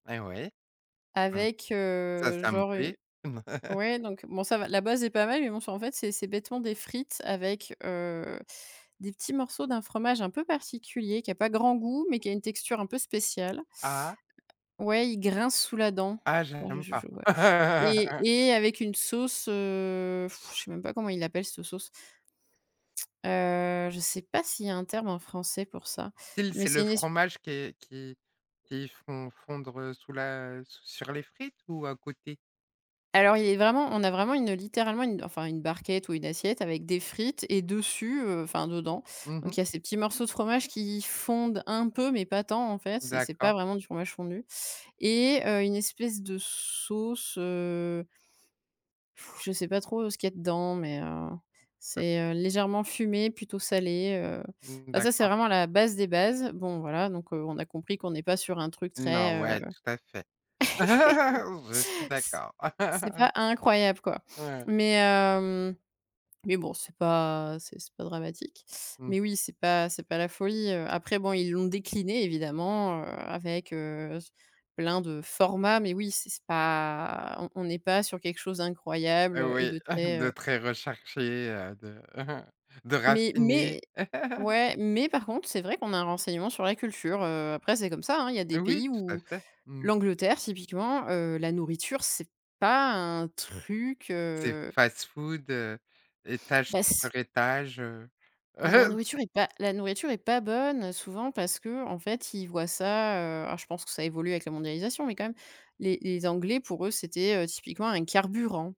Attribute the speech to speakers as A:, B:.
A: Eh ouais. Ah.
B: Avec,
A: Ça,
B: heu,
A: ça me
B: genre, u
A: plaît.
B: ouais, donc bon, ça va, la base est pas mal, mais bon, c'est, en fait, c'est c'est bêtement des frites avec, heu, des petits morceaux d'un fromage un peu particulier, qui a pas grand goût, mais qui a une texture un peu spéciale.
A: Ah?
B: Ouais, il grince sous la dent.
A: Ah,
B: Ouais, je
A: j'aime
B: je
A: pas.
B: je vois. Et et avec une sauce, heu, je sais même pas comment ils l'appellent, cette sauce. Heu, je sais pas s'il y un terme en Français, pour ça?
A: Style,
B: Mais
A: c'est
B: c'est
A: le
B: une es
A: fromage qui est qui qu'ils font fondre sous la sur les frites, ou à côté?
B: Alors, il est vraiment on a vraiment une, littéralement, une, enfin, une barquette ou une assiette, avec des frites et dessus, heu, enfin, dedans,
A: Mmh mh.
B: donc, il y a ces petits morceaux de fromage qui fondent un peu mais pas tant, en fait, c'est c'est pas
A: D'accord.
B: vraiment du fromage fondu. Et, heu, une espèce de sauce, heu je sais pas trop, heu, ce qu'il y dedans mais, heu,
A: [unintelligible]
B: c'est, heu, légèrement fumé, plutôt salé, heu.
A: Mmh,
B: Bah, ça, c'est
A: d'accord.
B: vraiment la base des bases. Bon, voilà, donc, heu, on a compris qu'on n'est pas sur un truc
A: Non,
B: très, heu
A: ouais, tout à fait. Je suis
B: C
A: d'accord.
B: c'est pas incroyable, quoi.
A: Ouais.
B: Mais heu, mais bon, c'est pas c'est c'est pas dramatique.
A: Mmh.
B: Mais oui, c'est pas c'est pas la folie, heu. Après, bon, ils l'ont décliné évidemment, heu, avec, heu, s plein de formats. Mais oui, c'est c'est pas on on n'est pas sur quelque chose d'incroyable, heu, et
A: Oui,
B: de très,
A: de
B: heu
A: très recherché, heu, de de
B: Mais
A: raffiné.
B: mais ouais, mais par contre, c'est vrai qu'on a un renseignement sur la culture, heu. Après, c'est comme ça, hein. Il y a des
A: Oui,
B: pays
A: tout à
B: où
A: fait. Mmh.
B: l'Angleterre, typiquement, heu, la nourriture, c'est pas un truc,
A: C'est
B: heu
A: fast-food, heu, étage
B: Bah, s
A: sur étage, heu.
B: Bah, la nourriture est pas, la nourriture est pas bonne, souvent, parce qu'en fait, ils voient ça, heu- alors je pense que ça évolue avec la mondialisation, mais quand même- les les Anglais, pour eux, c'était, heu, typiquement un carburant.